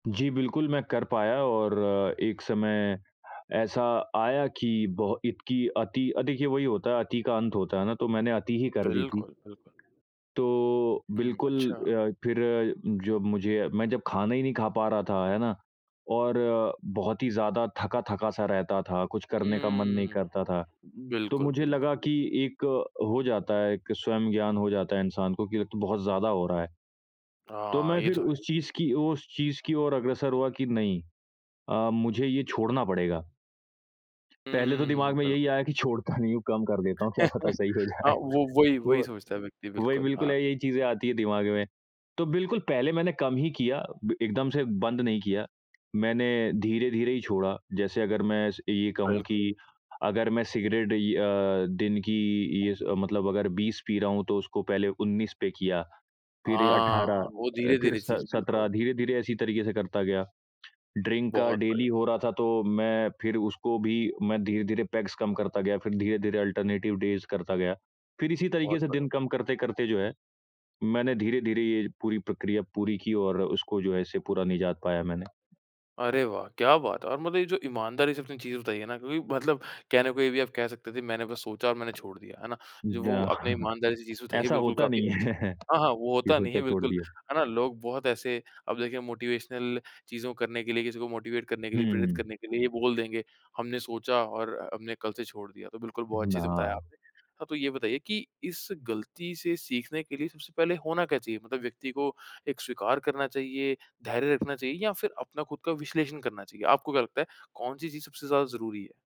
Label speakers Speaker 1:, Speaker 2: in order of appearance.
Speaker 1: जी बिल्कुल मैं कर पाया और एक समय ऐसा आया कि बहो इतकी अति अ, देखिए वही होता है अति का अंत होता है ना, तो मैंने अति ही कर दी थी।
Speaker 2: बिल्कुल, बिल्कुल।
Speaker 1: तो
Speaker 2: हुँ,
Speaker 1: बिल्कुल
Speaker 2: अच्छा।
Speaker 1: अ, फिर जब मुझे मैं जब खाना ही नहीं खा पा रहा था, है ना? और बहुत ही ज़्यादा थका-थका सा रहता था, कुछ करने का मन नहीं
Speaker 2: हुँ।
Speaker 1: करता था, तो
Speaker 2: बिल्कुल,
Speaker 1: मुझे
Speaker 2: बिल्कुल।
Speaker 1: लगा कि एक हो जाता है एक स्वयं ज्ञान हो जाता है इंसान को कि अब तो बहुत ज़्यादा हो रहा है। तो
Speaker 2: हाँ,
Speaker 1: मैं
Speaker 2: ये
Speaker 1: फिर
Speaker 2: तो है।
Speaker 1: उस चीज़ की उस चीज़ की ओर अग्रसर हुआ कि नहीं अ, मुझे ये छोड़ना पड़ेगा। पहले तो
Speaker 2: हुँ,
Speaker 1: दिमाग में यही
Speaker 2: बिल्कुल।
Speaker 1: आया कि छोड़ता नहीं हूँ, कम कर देता हूँ, क्या पता सही हो
Speaker 2: हाँ
Speaker 1: जाए?
Speaker 2: वो वही वही
Speaker 1: हुआ,
Speaker 2: सोचता है व्यक्ति।
Speaker 1: वही
Speaker 2: बिल्कुल,
Speaker 1: बिल्कुल
Speaker 2: हाँ।
Speaker 1: यही चीजें आती है दिमाग में। तो बिल्कुल पहले मैंने कम ही किया, ब एकदम से बंद नहीं किया, मैंने धीरे-धीरे ही छोड़ा। जैसे अगर मैं स ये कहूँ
Speaker 2: बिल्कुल।
Speaker 1: कि अगर मैं सिगरेट इ अ, दिन की ये स मतलब अगर 20 पी रहा हूँ तो उसको पहले 19 पे किया, फिर
Speaker 2: हाँ,
Speaker 1: 18
Speaker 2: वो
Speaker 1: अ, फिर
Speaker 2: धीरे-धीरे
Speaker 1: स
Speaker 2: चीज़
Speaker 1: 17
Speaker 2: बिल्कुल।
Speaker 1: धीरे-धीरे ऐसे तरीके से करता गया। ड्रिंक का
Speaker 2: बहुत
Speaker 1: डेली
Speaker 2: बढ़िया।
Speaker 1: हो रहा था तो मैं फिर उसको भी मैं धीरे-धीरे पेग्स कम करता गया, फिर धीरे-धीरे अल्टरनेटिव डेज़ करता गया। फिर इसी तरीके
Speaker 2: बहुत
Speaker 1: से
Speaker 2: बढ़िया।
Speaker 1: दिन कम करते-करते जो है मैंने धीरे-धीरे ये पूरी प्रक्रिया, पूरी की और उसको जो है ऐसे पूरा निजात पाया मैंने।
Speaker 2: अरे वाह! क्या बात है! और मतलब ये जो ईमानदारी से आपने चीज़ बताई है ना क्योंकि मतलब कहने को ये भी आप कह सकते थे, मैंने बस सोचा और मैंने छोड़ दिया, है ना? जो
Speaker 1: द
Speaker 2: वो आपने ईमानदारी से चीज़ बताई है
Speaker 1: ऐसा
Speaker 2: बिल्कुल
Speaker 1: होता
Speaker 2: काफ़ी
Speaker 1: नहीं
Speaker 2: अच्छी
Speaker 1: है
Speaker 2: हाँ, हाँ वो
Speaker 1: ये
Speaker 2: होता नहीं है,
Speaker 1: सोचा छोड़
Speaker 2: बिल्कुल,
Speaker 1: दिया।
Speaker 2: है ना? लोग बहुत ऐसे अब देखिए मोटिवेशनल चीज़ों को करने के लिए, किसी को मोटिवेट करने के
Speaker 1: हुँ,
Speaker 2: लिए,
Speaker 1: हुँ,
Speaker 2: प्रेरित
Speaker 1: हुँ।
Speaker 2: करने के लिए ये बोल देंगे, हमने सोचा और हमने कल से छोड़ दिया। तो बिल्कुल बहुत
Speaker 1: उहुँ।
Speaker 2: अच्छे से बताया
Speaker 1: ना।
Speaker 2: आपने। हाँ, तो ये बताइए कि इस गलती से सीखने के लिए सबसे पहले होना क्या चाहिए? मतलब व्यक्ति को एक स्वीकार करना चाहिए, धैर्य रखना चाहिए या फिर अपना खुद का विश्लेषण करना चाहिए? आपको क्या लगता है, कौन-सी चीज़ सबसे ज़्यादा ज़रूरी है?